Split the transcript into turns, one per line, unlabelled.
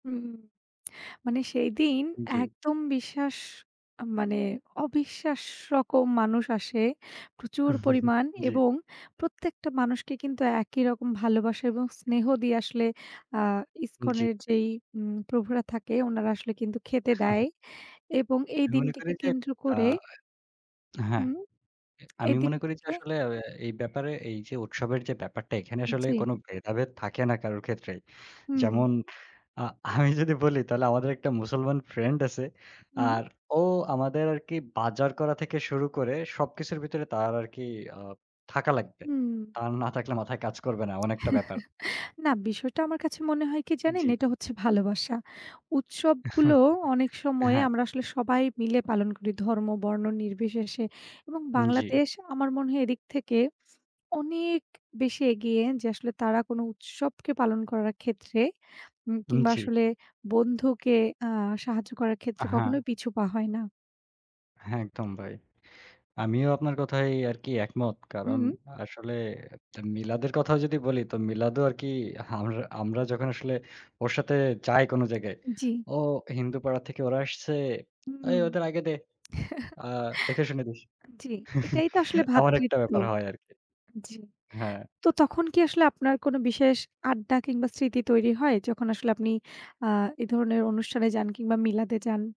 হুম মানে সেইদিন
জি।
একদম বিশ্বাস মানে অবিশ্বাস রকম মানুষ আসে প্রচুর পরিমাণ
জি।
এবং প্রত্যেকটা মানুষকে কিন্তু একই রকম ভালোবাসা এবং স্নেহ দিয়ে আসলে আ
জি।
ইসকনের যেই উম প্রভুরা থাকে ওনারা আসলে কিন্তু খেতে দেয় এবং এই
আমি মনে করি
দিনটিকে
যে
কেন্দ্র
আ
করে
হ্যাঁ।
হুম।
এ আমি
এদিন
মনে করি যে
থেকে
আসলে আ এই ব্যাপারে এইযে উৎসবের যে ব্যাপারটা এখানে আসলে
জি।
কোনো ভেদাভেদ থাকে না কারোর ক্ষেত্রেই।
হুম।
যেমন আ আমি যদি বলি তাহলে আমাদের একটা মুসলমান ফ্রেন্ড আছে।
হুম।
আর ও আমাদের আরকি বাজার করা থেকে শুরু করে সবকিছুর ভিতরে তার আরকি আ থাকা লাগবে।
হুম।
তার না থাকলে মাথায় কাজ করবে না। এমন একটা ব্যাপার।
না বিষয়টা আমার কাছে মনে হয় কি জানেন?
জি।
এটা হচ্ছে ভালোবাসা। উৎসবগুলো অনেক সময়
হ্যাঁ।
আমরা আসলে সবাই মিলে পালন করি ধর্ম, বর্ণ নির্বিশেষে। এবং
জি।
বাংলাদেশ আমার মনে হয় এদিক থেকে অনেক বেশি এগিয়ে যে আসলে তারা কোনো উৎসবকে পালন করার ক্ষেত্রে এ
উম
কিংবা
জি।
আসলে বন্ধুকে আ সাহায্য করার
আ
ক্ষেত্রে
হ্যাঁ।
কখনোই পিছুপা হয় না।
হ্যাঁ, একদম ভাই। আমিও আপনার কথায় আরকি একমত। কারণ
হুম।
আসলে আ মিলাদের কথাও যদি বলি তো মিলাদও আরকি হামরা আমরা যখন আসলে ওর সাথে যাই কোনো জায়গায়,
জি।
"ও হিন্দুপাড়া থেকে ওরা আসছে।
হুম,
এই ওদের আগে দে। আ দেখে শুনে দিস।"
আ জি, এটাই তো আসলে
এমন একটা
ভ্রাতৃত্ব
ব্যাপার হয় আরকি।
জি।
হ্যাঁ।
তো তখন কি আসলে আপনার কোনো বিশেষ আড্ডা কিংবা স্মৃতি তৈরি হয় যখন আসলে আপনি আ এ ধরনের অনুষ্ঠানে যান কিংবা মিলাদে যান?